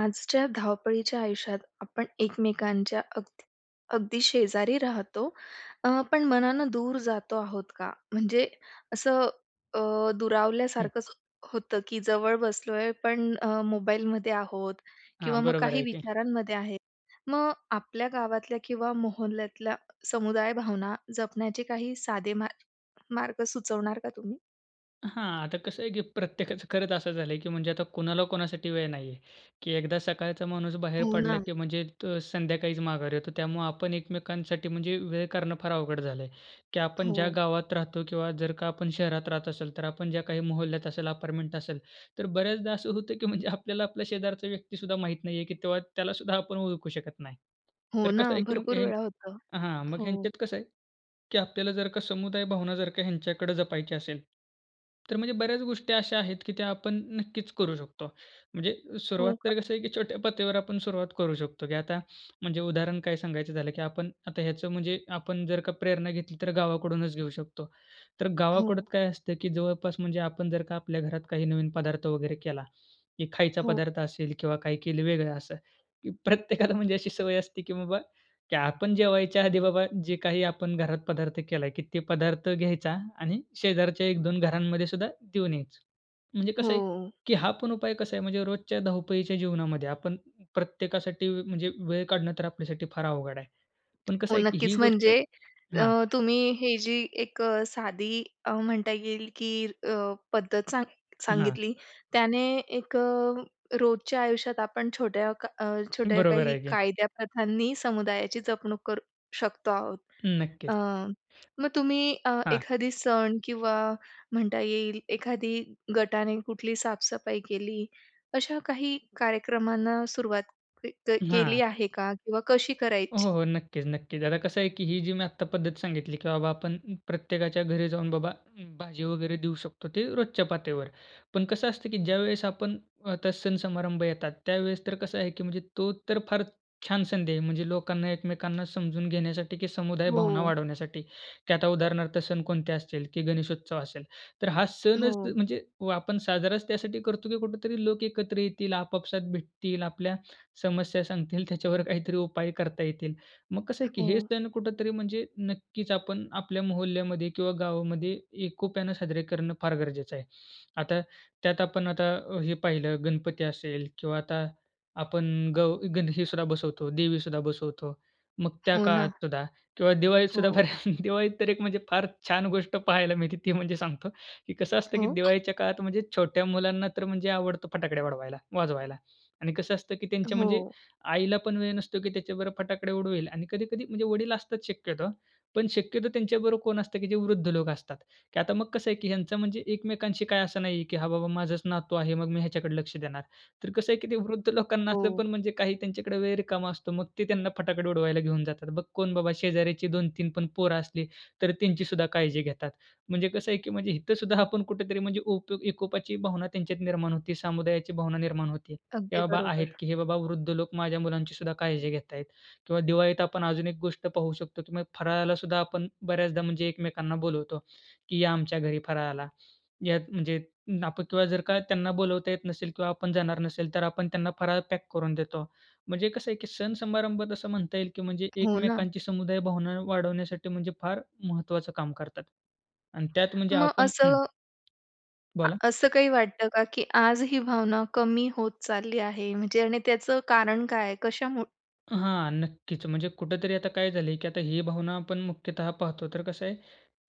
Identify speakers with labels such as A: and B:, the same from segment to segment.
A: आजच्या धावपळीच्या आयुष्यात आपण एकमेकांच्या अगदी अगदी शेजारी राहतो. अ, पण मनानं दूर जातो आहोत का? म्हणजे असं अ,
B: हं.
A: दुरावल्यासारखंच होतं की जवळ बसलोय, पण अ, मोबाईलमध्ये आहोत किंवा
B: हां,
A: मग
B: बरोबर
A: काही
B: आहे की.
A: विचारांमध्ये आहे. मग आपल्या गावातल्या किंवा मोहल्ल्यातल्या समुदाय भावना जपण्याचे काही साधे मा मार्ग सुचवणार का तुम्ही?
B: हां, आता कसं आहे की प्रत्येकाचं खरंच असं झालं की म्हणजे आता कोणाला कोणासाठी वेळ नाही आहे. की एकदा सकाळचा माणूस बाहेर
A: हो
B: पडला
A: ना.
B: की म्हणजे तो संध्याकाळीच माघारी येतो. त्यामुळं आपण एकमेकांसाठी म्हणजे वेळ काढणं फार अवघड झालंय. की आपण ज्या
A: हो.
B: गावात राहतो किंवा जर का आपण शहरात राहत असेल, तर आपण ज्या काही मोहल्ल्यात असेल, अपार्टमेंट असेल, तर बऱ्याचदा असं होतं की म्हणजे आपल्याला आपला शेजारचा व्यक्तीसुद्धा माहीत नाही आहे. की तेव्हा त्यालासुद्धा आपण ओळखू शकत नाही.
A: हो
B: तर
A: ना,
B: कसं आहे? की मग
A: भरपूर
B: ह
A: वेळा होतं
B: हां, मग
A: हो.
B: ह्यांच्यात कसं आहे? की आपल्याला जर का समुदाय भावना जर का ह्यांच्याकडं जपायची असेल, तर म्हणजे बऱ्याच गोष्टी अशा आहेत की त्या आपण नक्कीच करू शकतो. म्हणजे सुरुवात
A: हो का?
B: तर कसं आहे? की छोट्या पातळीवर आपण सुरुवात करू शकतो की आता म्हणजे उदाहरण काय सांगायचं झालं की आपण आता ह्याचं म्हणजे आपण जर का प्रेरणा घेतली, तर गावाकडूनच घेऊ शकतो. तर गावाकडं
A: हो.
B: काय असतं की जवळपास म्हणजे आपण जर का आपल्या घरात काही नवीन पदार्थ वगैरे केला की खायचा
A: हो.
B: पदार्थ असेल किंवा काही केलं वेगळं असं की प्रत्येकाला म्हणजे अशी सवय असते की बाबा की आपण जेवायच्या आधी बाबा जे काही आपण घरात पदार्थ केला आहे की ते पदार्थ घ्यायचा आणि शेजारच्या 1-2 घरांमध्ये सुद्धा देऊन यायचं म्हणजे कसं आहे?
A: हो.
B: की हा पण उपाय कसा आहे? म्हणजे रोजच्या धावपळीच्या जीवनामध्ये आपण प्रत्येकासाठी म्हणजे वेळ काढणं तर आपल्यासाठी फार अवघड आहे. पण कसं
A: हो,
B: आहे? की ही
A: नक्कीच
B: गोष्ट
A: म्हणजे अ,
B: हां
A: तुम्ही हे जी एक अ, साधी अ, म्हणता येईल की अ, पद्धत सांग
B: हां.
A: सांगितली त्याने एक अ, रोजच्या आयुष्यात आपण छोट्या क छोट्या
B: बरोबर
A: काही
B: आहे की.
A: कायद्याप्रथांनी समुदायाची जपणूक करू शकतो आहोत. अ,
B: नक्कीच.
A: मग तुम्ही अ,
B: हां.
A: एखादी सण किंवा म्हणता येईल एखाद्या गटाने कुठली साफ-सफाई केली अशा काही कार्यक्रमांना सुरुवात क क केली
B: हां.
A: आहे का, किंवा कशी
B: हो,
A: करायची?
B: हो, हो. नक्कीच, नक्कीच. आता कसं आहे? की ही जी मी आता पद्धत सांगितली की बाबा, आपण प्रत्येकाच्या घरी जाऊन बाबा, भाजी वगैरे देऊ शकतो. ते रोजच्या पातळीवर. पण कसं असतं की ज्यावेळेस आपण आता सण-समारंभ येतात. त्यावेळेस तर कसं आहे की म्हणजे तो तर फार छान संधी आहे. म्हणजे लोकांना एकमेकांना समजून घेण्यासाठी की समुदाय भावना
A: हो.
B: वाढवण्यासाठी. की आता उदाहरणार्थ सण कोणते असतील की गणेशोत्सव असेल, तर हा सणच
A: हो.
B: म्हणजे आपण साजराच त्यासाठी करतो की कुठेतरी लोक एकत्र येतील, आपापसात भेटतील, आपल्या समस्या सांगतील, त्याच्यावर काहीतरी उपाय करता येतील. मग कसं आहे? की हे
A: हो.
B: सण कुठेतरी म्हणजे नक्कीच, आपण आपल्या मोहल्ल्यामध्ये किंवा गावामध्ये एकोप्यानं साजरे करणं फार गरजेचं आहे. आता त्यात आपण आता हे पाहिलं, गणपती असेल किंवा आता आपण गव गंध हे सुद्धा बसवतो, देवी सुद्धा बसवतो. मग त्या
A: हो
B: काळात
A: ना.
B: सुद्धा किंवा दिवाळीत सुद्धा
A: हो.
B: बऱ्या दिवाळीत तर एक म्हणजे फार छान गोष्ट पाहायला मिळते, ती म्हणजे सांगतो. की कसं असतं की
A: हो.
B: दिवाळीच्या काळात म्हणजे छोट्या मुलांना तर म्हणजे आवडतो फटाकड्या उडवायला वाजवायला आणि कसं असतं की त्यांच्या म्हणजे
A: हो.
B: आईला पण वेळ नसतो की त्याच्याबरोबर फटाकडे उडवेल आणि कधी-कधी म्हणजे वडील असतात शक्यतो. पण शक्यतो त्यांच्याबरोबर कोण असतं की जे वृद्ध लोकं असतात की आता मग कसं आहे की ह्यांचा म्हणजे एकमेकांशी काय असं नाहीये, की "हा बाबा, माझाच नातू आहे. मग मी ह्याच्याकडे लक्ष देणार." तर कसं आहे की ते वृद्ध लोकांना असतं
A: हो.
B: पण, म्हणजे काही त्यांच्याकडे वेळ रिकामा असतो. मग ते त्यांना फटाके उडवायला घेऊन जातात. बघ कोण बाबा, शेजाऱ्याची 2-3 पण पोरं असली, तर त्यांचीसुद्धा काळजी घेतात. म्हणजे कसं आहे की म्हणजे इथं सुद्धा आपण कुठेतरी म्हणजे ओको एकोपाची भावना त्यांच्यात निर्माण होते, समुदायाची भावना निर्माण होते, की "हे
A: अगदी
B: बाबा आहेत,
A: बरोबर.
B: की हे बाबा वृद्ध लोक, माझ्या मुलांची सुद्धा काळजी घेत आहेत." किंवा दिवाळीत आपण अजून एक गोष्ट पाहू शकतो. तुम्ही फराळाला सुद्धा आपण बऱ्याचदा म्हणजे एकमेकांना बोलवतो की या आमच्या घरी फराळाला. यात म्हणजे आपण किंवा जर का त्यांना बोलवता येत नसेल किंवा आपण जाणार नसेल तर आपण त्यांना फराळ पॅक करून देतो. म्हणजे कसं आहे की सण-समारंभात असं म्हणता येईल की म्हणजे
A: हो ना.
B: एकमेकांची समुदाय भावना वाढवण्यासाठी म्हणजे फार महत्त्वाचं काम करतात. आणि त्यात म्हणजे
A: मग
B: आपण
A: असं
B: हं
A: आ
B: बोला.
A: असं काही वाटतं का की आज ही भावना कमी होत चालली आहे? म्हणजे आणि त्याचं कारण काय आहे कशामुळ?
B: हां, नक्कीच. म्हणजे कुठेतरी आता काय झालंय की आता ही भावना आपण मुख्यतः पाहतो, तर कसं आहे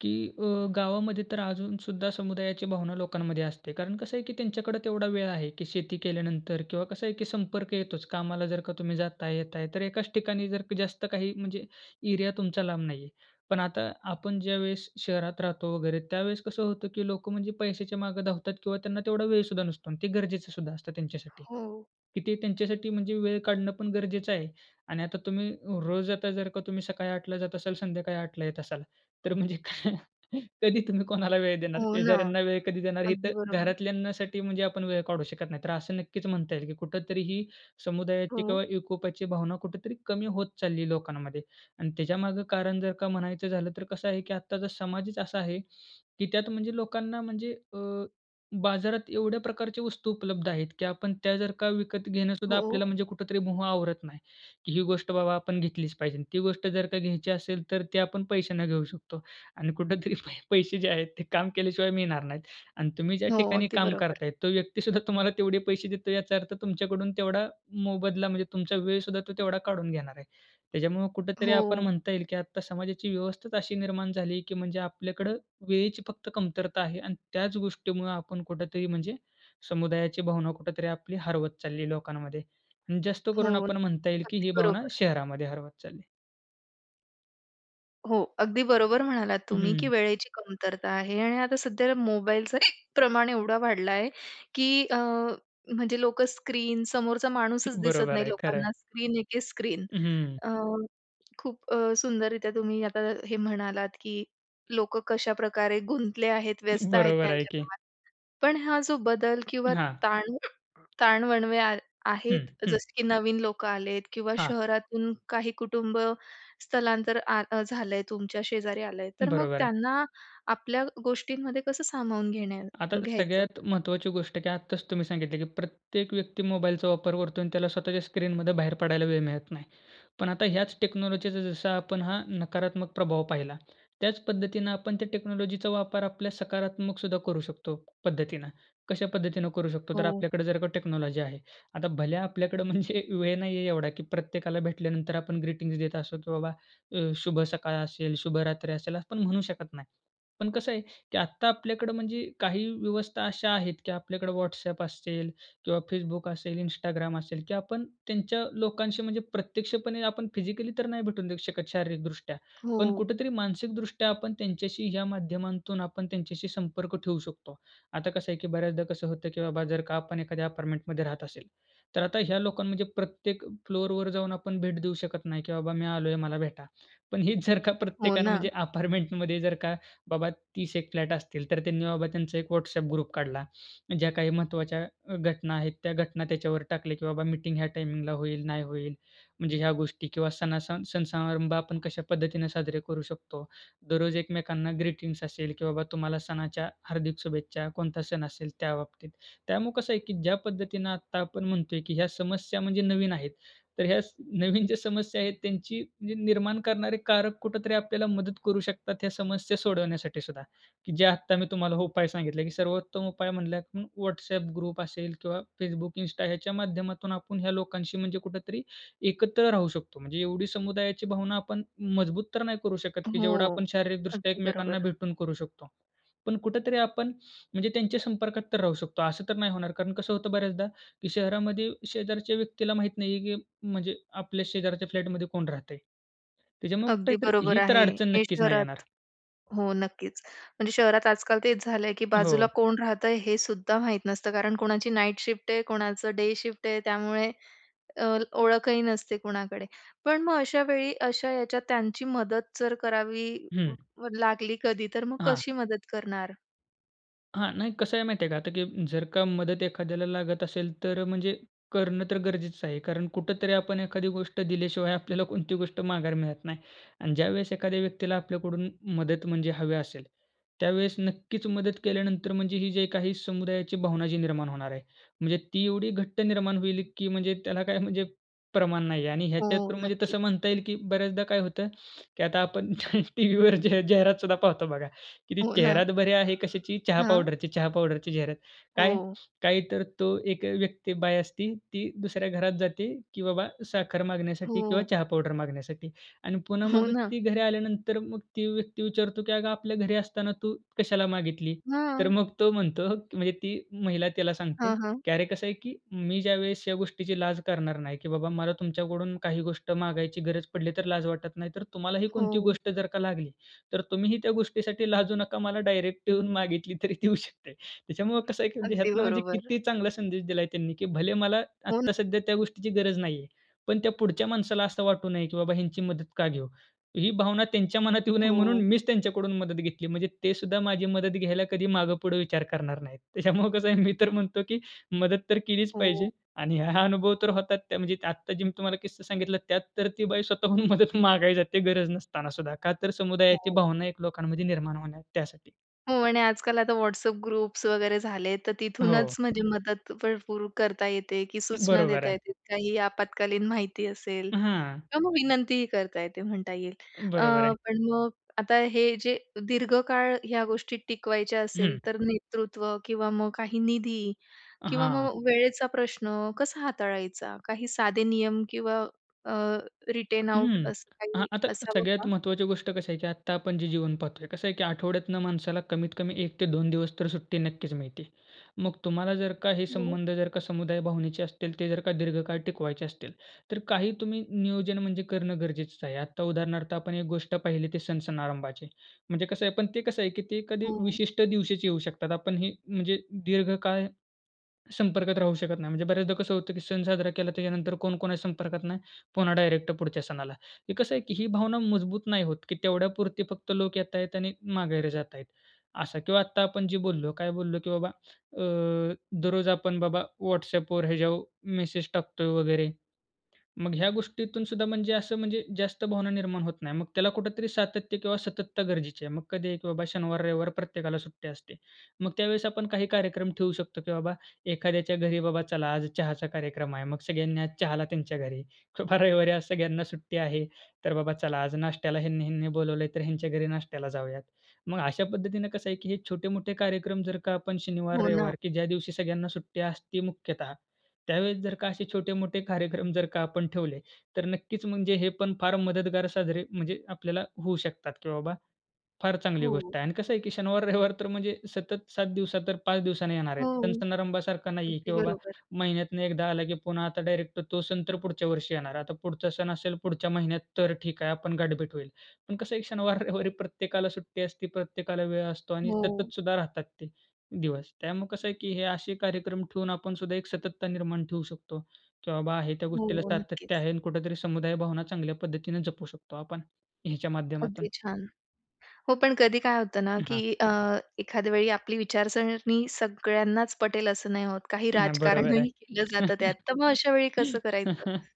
B: की अ, गावामध्ये तर अजून सुद्धा समुदायाची भावना लोकांमध्ये असते. कारण कसं आहे की त्यांच्याकडे तेवढा वेळ आहे की शेती केल्यानंतर किंवा कसं आहे की संपर्क येतोच कामाला जर का तुम्ही जाताय, येताय, तर एकाच ठिकाणी जर का जास्त काही म्हणजे एरिया तुमचा लांब नाहीये. पण आता आपण ज्यावेळेस शहरात राहतो वगैरे, त्यावेळेस कसं होतं की लोकं म्हणजे पैशाच्या मागे धावतात किंवा त्यांना तेवढा वेळ सुद्धा नसतो अन् ते गरजेचं सुद्धा असतं त्यांच्यासाठी.
A: हो.
B: की ते त्यांच्यासाठी म्हणजे वेळ काढणं पण गरजेचं आहे. आणि आता तुम्ही रोज आता जर का तुम्ही सकाळी 8:00 ला जात असाल, संध्याकाळी 8:00 ला येत असाल, तर म्हणजे काय. कधी तुम्ही कोणाला वेळ देणार?
A: हो ना.
B: शेजाऱ्यांना वेळ कधी देणार, हे
A: अगदी
B: तर
A: बरोबर.
B: घरातल्यांसाठी म्हणजे आपण वेळ काढू शकत नाही. तर असं नक्कीच म्हणता येईल की कुठेतरी ही समुदायाची
A: हो.
B: किंवा एकोप्याची भावना कुठेतरी कमी होत चाललीय लोकांमध्ये. आणि त्याच्यामागे कारण जर का म्हणायचं झालं, तर कसं आहे की आत्ताचा समाजच असा आहे की त्यात म्हणजे लोकांना म्हणजे अ, बाजारात एवढ्या प्रकारच्या वस्तू उपलब्ध आहेत की आपण त्या जर का विकत घेणं सुद्धा
A: हो.
B: आपल्याला म्हणजे कुठेतरी मोह आवरत नाही, की ही गोष्ट बाबा आपण घेतलीच पाहिजे. ती गोष्ट जर का घ्यायची असेल, तर ती आपण पैशाने घेऊ शकतो. आणि कुठेतरी पै पैसे जे आहेत ते काम केल्याशिवाय मिळणार नाहीत. आणि तुम्ही ज्या
A: हो,
B: ठिकाणी
A: अगदी
B: काम
A: बरोबर.
B: करताय, तो व्यक्ती सुद्धा तुम्हाला तेवढे पैसे देतो, याचा अर्थ तुमच्याकडून तेवढा मोबदला म्हणजे तुमचा वेळ सुद्धा तो तेवढा काढून घेणार आहे. त्याच्यामुळे कुठेतरी आपण
A: हो.
B: म्हणता येईल की आत्ता समाजाची व्यवस्थाच अशी निर्माण झाली आहे की म्हणजे आपल्याकडे वेळेची फक्त कमतरता आहे आणि त्याच गोष्टीमुळे आपण कुठेतरी म्हणजे समुदायाची भावना कुठेतरी आपली हरवत चाललीय लोकांमध्ये. आणि जास्त
A: हो.
B: करून आपण म्हणता येईल की
A: अगदी
B: ही भावना
A: बरोबर.
B: शहरामध्ये हरवत चालली.
A: हो, अगदी बरोबर म्हणालात तुम्ही की
B: हं.
A: वेळेची कमतरता आहे आणि आता सध्या मोबाईलचं प्रमाण एवढं वाढलं आहे की अ, म्हणजे लोकं स्क्रीन समोरचा माणूसच दिसत
B: बरोबर
A: नाही
B: आहे. खरं आहे.
A: लोकांना. स्क्रीन एके स्क्रीन.
B: हं.
A: अ, खूप अ, सुंदररित्या तुम्ही आता हे म्हणालात की लोकं कशाप्रकारे गुंतले आहेत, व्यस्त आहेत
B: बरोबर आहे की.
A: त्यांच्या [unintelligible] पण हा जो बदल किंवा
B: हां.
A: ताण, ताण-वणवे आ आहेत
B: हं, हं.
A: जसं की नवीन लोकं आलेत किंवा
B: हां.
A: शहरातून काही कुटुंब स्थलांतर आ अ झालंय तुमच्या शेजारी आलंय, तर मग
B: बरोबर आहे.
A: त्यांना आपल्या गोष्टींमध्ये कसं सामावून घेण्या
B: आता
A: घ्यायचं?
B: सगळ्यात महत्त्वाची गोष्ट की आत्ताच तुम्ही सांगितलं की प्रत्येक व्यक्ती मोबाईलचा वापर करतो आणि त्याला स्वतःच्या स्क्रीनमधून बाहेर पडायला वेळ मिळत नाही. पण आता ह्याच टेक्नॉलॉजीचा जसा आपण हा नकारात्मक प्रभाव पाहिला, त्याच पद्धतीनं आपण त्या टेक्नॉलॉजीचा वापर आपल्या सकारात्मक सुद्धा करू शकतो पद्धतीनं. कशा पद्धतीनं करू शकतो? तर
A: हो.
B: आपल्याकडे जर का टेक्नॉलॉजी आहे. आता भले आपल्याकडं म्हणजे वेळ नाही आहे एवढा की प्रत्येकाला भेटल्यानंतर आपण ग्रीटिंग्ज देत असतो की बाबा अ, शुभ सकाळ असेल शुभ रात्री असेल असं पण म्हणू शकत नाही. पण कसं आहे की आत्ता आपल्याकडं म्हणजे काही व्यवस्था अशा आहेत की आपल्याकडे WhatsApp असेल किंवा Facebook असेल, Instagram असेल की आपण त्यांच्या लोकांशी म्हणजे प्रत्यक्षपणे आपण फिजिकली तर नाही भेटून देऊ शकत शारीरिकदृष्ट्या, पण
A: हो.
B: कुठेतरी मानसिकदृष्ट्या आपण त्यांच्याशी ह्या माध्यमांतून आपण त्यांच्याशी संपर्क ठेवू शकतो. आता कसं आहे की बऱ्याचदा कसं होतं की बाबा जर का आपण एखाद्या अपार्टमेंटमध्ये राहत असेल, तर आता ह्या लोकांना म्हणजे प्रत्येक फ्लोरवर जाऊन आपण भेट देऊ शकत नाही, की बाबा मी आलोय मला भेटा. पण हीच जर का
A: हो
B: प्रत्येकानं
A: ना.
B: म्हणजे अपार्टमेंटमध्ये जर का बाबा 30 एक फ्लॅट असतील, तर त्यांनी बाबा त्यांचा एक WhatsApp ग्रुप काढला, ज्या काही महत्त्वाच्या अ, घटना आहेत त्या घटना त्याच्यावर टाकल्या की बाबा मीटिंग ह्या टायमिंगला होईल, नाही होईल, म्हणजे ह्या गोष्टी किंवा सणासण सण समारंभ आपण कशा पद्धतीनं साजरे करू शकतो. दररोज एकमेकांना ग्रीटिंग्ज असेल की बाबा तुम्हाला सणाच्या हार्दिक शुभेच्छा, कोणता सण असेल त्याबाबतीत. त्यामुळं कसं आहे की ज्या पद्धतीनं आत्ता आपण म्हणतोय की ह्या समस्या म्हणजे नवीन आहेत. तर ह्या स नवीन ज्या समस्या आहेत त्यांची म्हणजे निर्माण करणारे कारक कुठेतरी आपल्याला मदत करू शकतात ह्या समस्या सोडवण्यासाठी सुद्धा, की जे आत्ता मी तुम्हाला उपाय सांगितले की सर्वोत्तम उपाय म्हणलंत म WhatsApp ग्रुप असेल किंवा Facebook, Insta ह्याच्या माध्यमातून आपण ह्या लोकांशी म्हणजे कुठेतरी एकत्र राहू शकतो. म्हणजे एवढी समुदायाची भावना आपण मजबूत तर नाही करू शकत की जेवढं
A: हो.
B: आपण शारीरिकदृष्ट्या
A: अगदी
B: एकमेकांना
A: बरोबर.
B: भेटून करू शकतो. पण कुठेतरी आपण म्हणजे त्यांच्या संपर्कात तर राहू शकतो, असं तर नाही होणार कारण कसं होतं बऱ्याचदा की शहरामध्ये शेजारच्या व्यक्तीला माहीत नाही आहे, की म्हणजे आपल्या शेजारच्या फ्लॅटमध्ये कोण राहतंय? त्याच्यामुळं कुठे
A: अगदी
B: तरी
A: बरोबर
B: ही तर
A: आहे.
B: अडचण
A: हे
B: नक्कीच नाही येणार.
A: शहरात हो नक्कीच. म्हणजे शहरात आजकाल तेच झालं आहे की बाजूला
B: हो.
A: कोण राहतंय हे सुद्धा माहीत नसतं. कारण कोणाची नाईट शिफ्ट आहे कोणाचं डे शिफ्ट आहे त्यामुळे अ, ओळखही नसते कुणाकडे. पण मग अशा वेळी अशा याच्यात त्यांची मदत जर करावी व
B: हं.
A: व लागली कधी तर मग
B: हां.
A: कशी मदत करणार?
B: हां. नाही कसं आहे माहिती आहे का आता की जर का मदत एखाद्याला लागत असेल, तर अ, म्हणजे करणं तर गरजेचं आहे. कारण कुठेतरी आपण एखादी गोष्ट दिल्याशिवाय आपल्याला कोणती गोष्ट माघारी मिळत नाही. आणि ज्यावेळेस एखाद्या व्यक्तीला आपल्याकडून मदत म्हणजे हवी असेल, त्यावेळेस नक्कीच मदत केल्यानंतर म्हणजे ही जी काही समुदायाची भावना जी निर्माण होणार आहे, म्हणजे ती एवढी घट्ट निर्माण होईल की म्हणजे त्याला काही म्हणजे प्रमाण नाही आहे. आणि
A: हो
B: ह्याच्यात तर म्हणजे तसं
A: नक्कीच.
B: म्हणता येईल की बऱ्याचदा काय होतं की आता आपण टीव्हीवर ज्या जाहिरातसुद्धा पाहतो बघा की ती
A: हो ना.
B: जाहिरात बरे आहे कशाची? चहा
A: हां.
B: पावडरची, चहा पावडरची जाहिरात. काय?
A: हो.
B: काय तर तो एक अ, व्यक्ती बाई असते. ती दुसऱ्या घरात जाते की बाबा साखर मागण्यासाठी किंवा
A: हो.
B: चहा पावडर मागण्यासाठी. आणि पुन्हा
A: हो
B: मग
A: ना.
B: ती घरी आल्यानंतर मग ती व्यक्ती विचारतो की "अगं आपल्या घरी असताना तू कशाला मागितली?" तर
A: हां.
B: मग तो म्हणतो म्हणजे ती महिला त्याला सांगते
A: हां, हां.
B: की "अरे, कसं आहे की मी ज्यावेळेस ह्या गोष्टीची लाज करणार नाही की बाबा मला तुमच्याकडून काही गोष्ट मागायची गरज पडली तर लाज वाटत नाही, तर तुम्हालाही कोणती
A: हो.
B: गोष्ट जर का लागली, तर तुम्हीही त्या गोष्टीसाठी लाजू नका, मला डायरेक्ट येऊन मागितली तरी देऊ शकते." त्याच्यामुळे कसं आहे की
A: अगदी
B: ह्यातून म्हणजे
A: बरोबर.
B: किती चांगला संदेश दिला आहे त्यांनी की भले मला
A: हो न
B: आता सध्या त्या गोष्टीची गरज नाहीये, पण त्या पुढच्या माणसाला असं वाटू नये की बाबा ह्यांची मदत का घेऊ? ही भावना त्यांच्या मनात येऊ नये म्हणून
A: हो.
B: मीच त्यांच्याकडून मदत घेतली, म्हणजे ते सुद्धा माझी मदत घ्यायला कधी मागे-पुढे विचार करणार नाहीत. त्याच्यामुळे कसं आहे, मी तर म्हणतो की मदत तर केलीच
A: हो.
B: पाहिजे. आणि हा अनुभव तर होतात, त्या म्हणजे आता जे मी तुम्हाला किस्सा सांगितला, त्यात तर ती बाई स्वतःहून मदत मागायला जाते गरज नसताना सुद्धा, का तर समुदायाची
A: हो.
B: भावना एक लोकांमध्ये निर्माण होण्या त्यासाठी.
A: हो. आणि आजकाल आता WhatsApp ग्रुप्स वगैरे झाले तर
B: हो.
A: तिथूनच म्हणजे मदत भरपूर करता येते, की सूचना
B: बरोबर
A: देता
B: आहे.
A: येते, काही आपत्कालीन माहिती असेल
B: हां.
A: किंवा मग विनंतीही करता येते म्हणता येईल. अ,
B: बरोबर आहे.
A: पण मग आता हे जे दीर्घकाळ ह्या गोष्टी टिकवायच्या असेल,
B: हं.
A: तर नेतृत्व किंवा मग काही निधी किंवा
B: हां.
A: मग वेळेचा प्रश्न कसा हाताळायचा? काही साधे नियम किंवा अ, रिटेन आऊट
B: हं,
A: असं
B: अ,
A: काही
B: आता
A: असावं
B: सगळ्यात
A: का?
B: महत्त्वाची गोष्ट कशी आहे, की आता आपण जे जीवन पाहतो आहे. कसं आहे, की आठवड्यातनं माणसाला कमीत कमी 1 ते 2 दिवस तर सुट्टी नक्कीच मिळते. मग तुम्हाला जर का हे
A: हो.
B: संबंध जर का समुदाय भावनेचे असतील, ते जर का दीर्घकाळ टिकवायचे असतील तर काही तुम्ही नियोजन म्हणजे करणं गरजेचंच आहे. आता उदाहरणार्थ आपण एक गोष्ट पाहिली ते सण-सणारंभाची म्हणजे कसं आहे पण ते कसं आहे, की ते एखादी
A: हो, हो.
B: विशिष्ट दिवशीच येऊ शकतात. आपण हे म्हणजे दीर्घकाळ संपर्कात राहू शकत नाही. म्हणजे बऱ्याचदा कसं होतं, की सण साजरा केला त्याच्यानंतर कोण कोणाच्या संपर्कात नाही, पुन्हा डायरेक्ट पुढच्या सणाला. हे कसं आहे, की ही भावना मजबूत नाही होत, की तेवढ्यापुरती फक्त लोक येत आहेत आणि माघेर जात आहेत, असं. किंवा आत्ता आपण जे बोललो, काय बोललो? की बाबा, अ, दररोज आपण बाबा, WhatsAppवर हे ज्या मेसेज टाकतोय वगैरे, मग ह्या गोष्टीतून सुद्धा म्हणजे असं म्हणजे जास्त भावना निर्माण होत नाही. मग त्याला कुठेतरी सातत्य किंवा सतत्ता गरजेची आहे. मग कधीही, की बाबा शनिवार, रविवार प्रत्येकाला सुट्टी असते. मग त्यावेळेस आपण काही कार्यक्रम ठेवू शकतो, की बाबा एखाद्याच्या घरी बाबा चला आज चहाचा कार्यक्रम आहे. मग सगळ्यांनी आज चहाला त्यांच्या घरी किंवा रविवारी आज सगळ्यांना सुट्टी आहे तर बाबा चला आज, नाश्त्याला ह्यांनी-ह्यांनी बोलावलंय तर ह्यांच्या घरी नाश्त्याला जाऊयात. मग अशा पद्धतीनं कसं आहे, की हे छोटे-मोठे कार्यक्रम जर का आपण शनिवार,
A: हो ना.
B: रविवार, की ज्या दिवशी सगळ्यांना सुट्टी असती मुख्यतः, त्यावेळेस जर का असे छोटे-मोठे कार्यक्रम जर का आपण ठेवले, तर नक्कीच म्हणजे हे पण फार मदतगार साजरे म्हणजे आपल्याला होऊ शकतात, की बाबा फार चांगली
A: हो.
B: गोष्ट आहे. अन् कसं आहे, की शनिवार, रविवार तर म्हणजे सतत 7 दिवस, तर 5 दिवसांनी येणार आहेत.
A: हो,
B: सण-समारंभासारखं नाही आहे, की
A: अगदी
B: बाबा,
A: बरोबर.
B: महिन्यातनं एकदा आला, की पुन्हा आता डायरेक्ट तो सण तर पुढच्या वर्षी येणार. आता पुढचा सण असेल पुढच्या महिन्यात तर ठीक आहे आपण गाठभेट होईल, पण कसं आहे शनिवार, रविवार प्रत्येकाला सुट्टी असते, प्रत्येकाला वेळ असतो आणि
A: हो.
B: सततसुद्धा राहतात ते दिवस, त्यामुळे कसं आहे, की हे असे कार्यक्रम ठेवून आपणसुद्धा एक सततता निर्माण ठेवू शकतो, की बाबा आहे त्या
A: हो,
B: गोष्टीला
A: हो,
B: सातत्य
A: नक्कीच.
B: आहे आणि कुठेतरी समुदाय भावना चांगल्या पद्धतीनं जपू शकतो आपण, ह्याच्या माध्यमातून.
A: अगदी छान. हो, पण कधी काय होतं ना, की
B: हां.
A: अ, एखाद्या वेळी आपली विचारसरणी सगळ्यांनाच पटेल असं नाही होत, काही
B: नाही,
A: राजकारणही
B: बरोबर आहे.
A: केलं जातं त्यात. तर मग अशा वेळी कसं करायचं?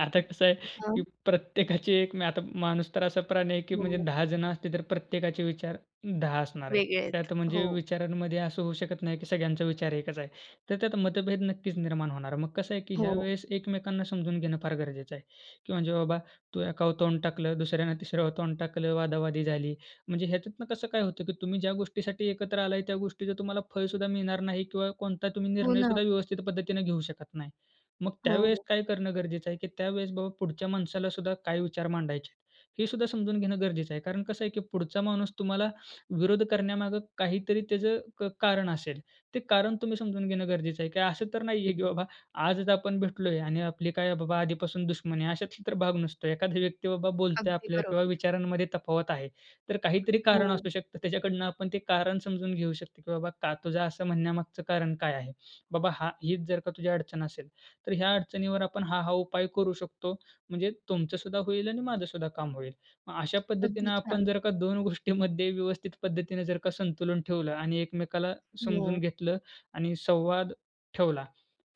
B: आता कसं आहे, की
A: हां.
B: प्रत्येकाची एक मी आता माणूस तर असा प्राणी आहे, की म्हणजे
A: हो.
B: 10 जण असतील तर प्रत्येकाचे विचार 10 असणार आहेत.
A: वेगळे आहेत,
B: त्यात म्हणजे
A: हो.
B: विचारांमध्ये असं होऊ शकत नाही, की सगळ्यांचा विचार एकच आहे. तर त्यात मतभेद नक्कीच निर्माण होणार, मग कसं आहे, की ह्या
A: हो.
B: वेळेस एकमेकांना समजून घेणं फार गरजेचं आहे, की म्हणजे बाबा, तू एकावर तोंड टाकलं दुसऱ्यानं तिसर तोंड टाकलं वादावादी झाली म्हणजे ह्याच्यातनं कसं काय होतं, की तुम्ही ज्या गोष्टीसाठी एकत्र आलाय, त्या गोष्टीचं तुम्हाला फळसुद्धा मिळणार नाही किंवा कोणता तुम्ही
A: हो
B: निर्णय
A: ना.
B: सुद्धा व्यवस्थित पद्धतीनं घेऊ शकत नाही. मग
A: हो,
B: त्यावेळेस
A: हो.
B: काय करणं गरजेचं आहे, की त्यावेळेस बाबा, पुढच्या माणसाला सुद्धा काय विचार मांडायचे आहेत, हे सुद्धा समजून घेणं गरजेचं आहे. कारण कसं आहे, की पुढचा माणूस तुम्हाला विरोध करण्यामागे काहीतरी त्याचं क कारण असेल, ते कारण तुम्ही समजून घेणं गरजेचं आहे, की असं तर नाही आहे, की बाबा, आज जर आपण भेटलोय आणि आपली काय बाबा आधीपासून दुश्मनी आहे, अशातला तर भाग नसतो. एखादा व्यक्ती बाबा बोलतोय
A: अगदी
B: आपल्याला किंवा
A: बरोबर.
B: विचारांमध्ये तफावत आहे तर काहीतरी कारण
A: हो.
B: असू शकतात. त्याच्याकडनं आपण ते कारण समजून घेऊ शकतो, की बाबा, "का तुझं असं म्हणण्यामागचं कारण काय आहे? बाबा हा हीच जर का तुझी अडचण असेल तर ह्या अडचणीवर आपण हा-हा उपाय करू शकतो म्हणजे तुमचंसुद्धा होईल आणि माझंसुद्धा काम होईल." मग अशा
A: अगदी
B: पद्धतीनं आपण
A: छान.
B: जर का 2 गोष्टीमध्ये व्यवस्थित पद्धतीनं जर का संतुलन ठेवलं आणि एकमेकाला समजून
A: हो.
B: घेतलं आणि संवाद ठेवला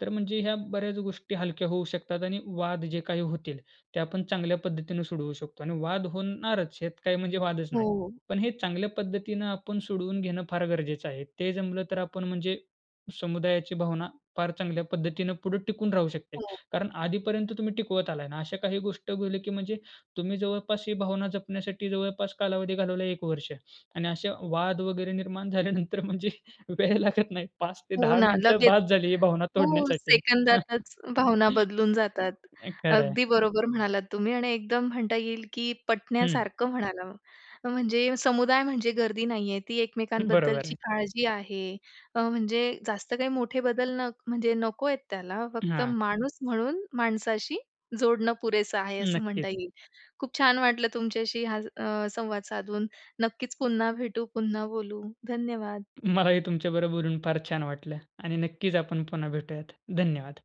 B: तर म्हणजे ह्या बऱ्याच गोष्टी हलक्या होऊ शकतात आणि वाद जे काही होतील, ते आपण चांगल्या पद्धतीने सोडवू शकतो आणि वाद होणारच हेत काही म्हणजे वादच नाही.
A: हो.
B: पण हे चांगल्या पद्धतीनं आपण सोडवून घेणं फार गरजेचं आहे, ते जमलं तर आपण म्हणजे समुदायाची भावना फार चांगल्या पद्धतीनं पुढे टिकून राहू शकते.
A: हो.
B: कारण आधीपर्यंत तुम्ही टिकवत आलाय ना, अशा काही गोष्टी भले, की म्हणजे तुम्ही जवळपास ही भावना जपण्यासाठी जवळपास कालावधी घालवला 1 वर्ष आणि अशा वाद वगैरे निर्माण झाल्यानंतर म्हणजे वेळ लागत नाही पाच ते
A: हो
B: दहा
A: ना,
B: मिनिटं
A: लगेच,
B: बासं झाली, ही भावना
A: हो,
B: तोडण्यासाठी.
A: सेकंदातच भावना बदलून जातात.
B: खरं आहे.
A: अगदी बरोबर म्हणालात तुम्ही. आणि एकदम म्हणता येईल, की
B: हं.
A: पटण्यासारखं म्हणाला. म्हणजे समुदाय म्हणजे गर्दी नाही आहे. ती
B: बरोबर
A: एकमेकांबद्दलची
B: आहे.
A: काळजी आहे. अ, म्हणजे जास्त काही मोठे बदल न म्हणजे नको आहेत त्याला, फक्त
B: हां.
A: माणूस म्हणून माणसाशी जोडणं पुरेसं आहे असं म्हणता
B: नक्कीच.
A: येईल. खूप छान वाटलं तुमच्याशी हा अ, संवाद साधून, नक्कीच पुन्हा भेटू, पुन्हा बोलू. धन्यवाद.
B: मलाही तुमच्या बरोबर बोलून फार छान वाटलं आणि नक्कीच आपण पुन्हा भेटूयात, धन्यवाद.